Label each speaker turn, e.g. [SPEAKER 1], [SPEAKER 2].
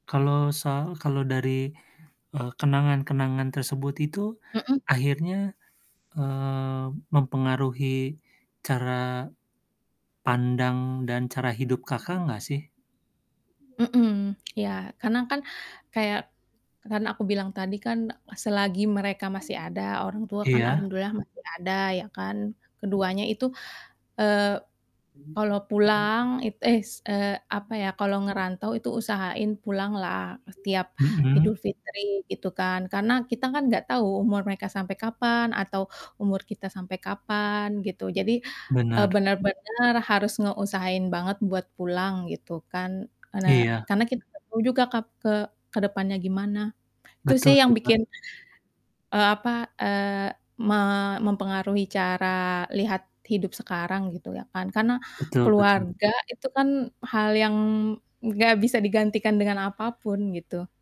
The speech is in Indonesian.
[SPEAKER 1] Kalau sal kalau dari, eee, kenangan-kenangan tersebut itu
[SPEAKER 2] Mhm.
[SPEAKER 1] akhirnya, mmm, mempengaruhi cara pandang dan cara hidup Kakak gak sih?
[SPEAKER 2] Mhm, ya. Karena kan kayak kan aku bilang tadi kan selagi mereka masih ada, orang tua kan
[SPEAKER 1] Iya.
[SPEAKER 2] alhamdulillah masih ada ya kan, keduanya itu, eee, kalau pulang, it es eee, apa ya, kalau ngerantau itu usahain pulanglah setiap
[SPEAKER 1] Mhm.
[SPEAKER 2] Idul Fitri, gitu kan. Karena kita kan nggak tahu umur mereka sampai kapan atau umur kita sampai kapan, gitu. Jadi, eee,
[SPEAKER 1] Benar.
[SPEAKER 2] bener-bener harus ngeusahain banget buat pulang, gitu kan, ene
[SPEAKER 1] Iya.
[SPEAKER 2] karena kita gak tahu juga kap ke ke depannya gimana. Itu
[SPEAKER 1] Betul
[SPEAKER 2] sih yang
[SPEAKER 1] sih, Kak.
[SPEAKER 2] bikin, eee, apa, eee, ma mempengaruhi cara lihat hidup sekarang, gitu ya kan. Karena
[SPEAKER 1] Betul betul.
[SPEAKER 2] keluarga itu kan hal yang gak bisa digantikan dengan apa pun, gitu.